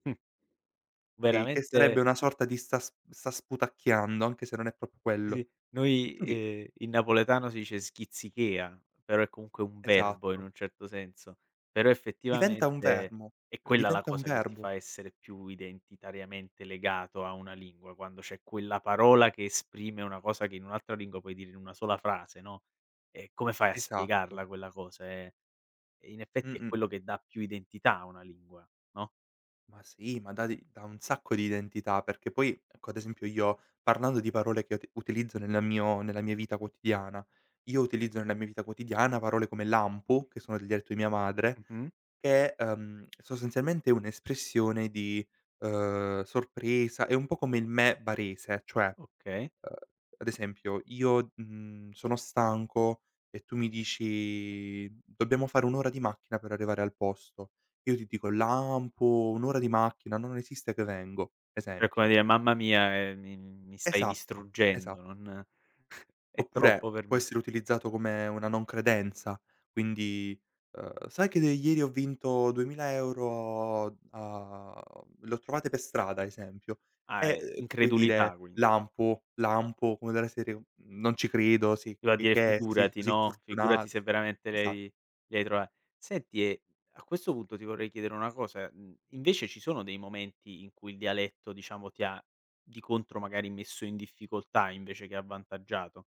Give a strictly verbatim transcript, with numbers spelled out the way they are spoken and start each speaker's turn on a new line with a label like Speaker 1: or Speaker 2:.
Speaker 1: Mh.
Speaker 2: kay, che sarebbe
Speaker 1: Veramente
Speaker 2: una sorta di sta s sta sputacchiando, anche se non è proprio quello,
Speaker 1: Sì, noi
Speaker 2: quindi
Speaker 1: ehm, in napoletano si dice schizzichea, però è comunque un verbo, in
Speaker 2: Esatto.
Speaker 1: un certo senso. Però,
Speaker 2: Diventa un
Speaker 1: effettivamente,
Speaker 2: verbo
Speaker 1: è
Speaker 2: uhm,
Speaker 1: quella la
Speaker 2: diventa un
Speaker 1: cosa che ti
Speaker 2: verbo.
Speaker 1: fa essere più identitariamente legato a una lingua, quando c'è quella parola che esprime una cosa che in un'altra lingua puoi dire in una sola frase, no, e come fai a
Speaker 2: Esatto.
Speaker 1: spiegarla quella cosa? Eh, in effetti, è
Speaker 2: Mh-mh.
Speaker 1: quello che dà più identità a una lingua, no?
Speaker 2: Ma sì, ma dà de dà un sacco di identità, perché poi, ecco, ad esempio, io, parlando di parole che uti utilizzo nel mio nella mia vita quotidiana, io utilizzo, nella mia vita quotidiana, parole come lampo, che sono del dialetto di mia madre,
Speaker 1: Mh-mh.
Speaker 2: che è, uhm, sostanzialmente, un'espressione di, uhm, sorpresa è un po' come il meh barese, cioè, uhm,
Speaker 1: Okay.
Speaker 2: ad esempio, io, mhmm, sono stanco e tu mi dici: "Dobbiamo fare un'ora di macchina per arrivare al posto". Io ti dico: "Lampo, un'ora di macchina, non esiste che vengo",
Speaker 1: È come
Speaker 2: esempio.
Speaker 1: dire: "Mamma mia, ehm, mi mi stai
Speaker 2: Esatto, esatto.
Speaker 1: distruggendo, non è troppo
Speaker 2: Oppure
Speaker 1: per
Speaker 2: può
Speaker 1: me".
Speaker 2: essere utilizzato come una non credenza, quindi, uhm: "Sai che de ieri ho vinto duemila euro a l'ho trovate per strada", esempio,
Speaker 1: Ah,
Speaker 2: e,
Speaker 1: è
Speaker 2: uhm, tu puoi
Speaker 1: incredulità,
Speaker 2: dire:
Speaker 1: quindi.
Speaker 2: "Lampo, lampo", come della serie: "Non ci credo, sì, ch
Speaker 1: Doveva
Speaker 2: ch
Speaker 1: dire:
Speaker 2: che sei
Speaker 1: "Figurati",
Speaker 2: così
Speaker 1: no,
Speaker 2: fortuna"
Speaker 1: "Figurati se veramente
Speaker 2: esa
Speaker 1: lei li hai trova" senti e, a questo punto, ti vorrei chiedere una cosa, mhmm, invece, ci sono dei momenti in cui il dialetto, diciamo, ti ha, di contro, magari, messo in difficoltà invece che avvantaggiato?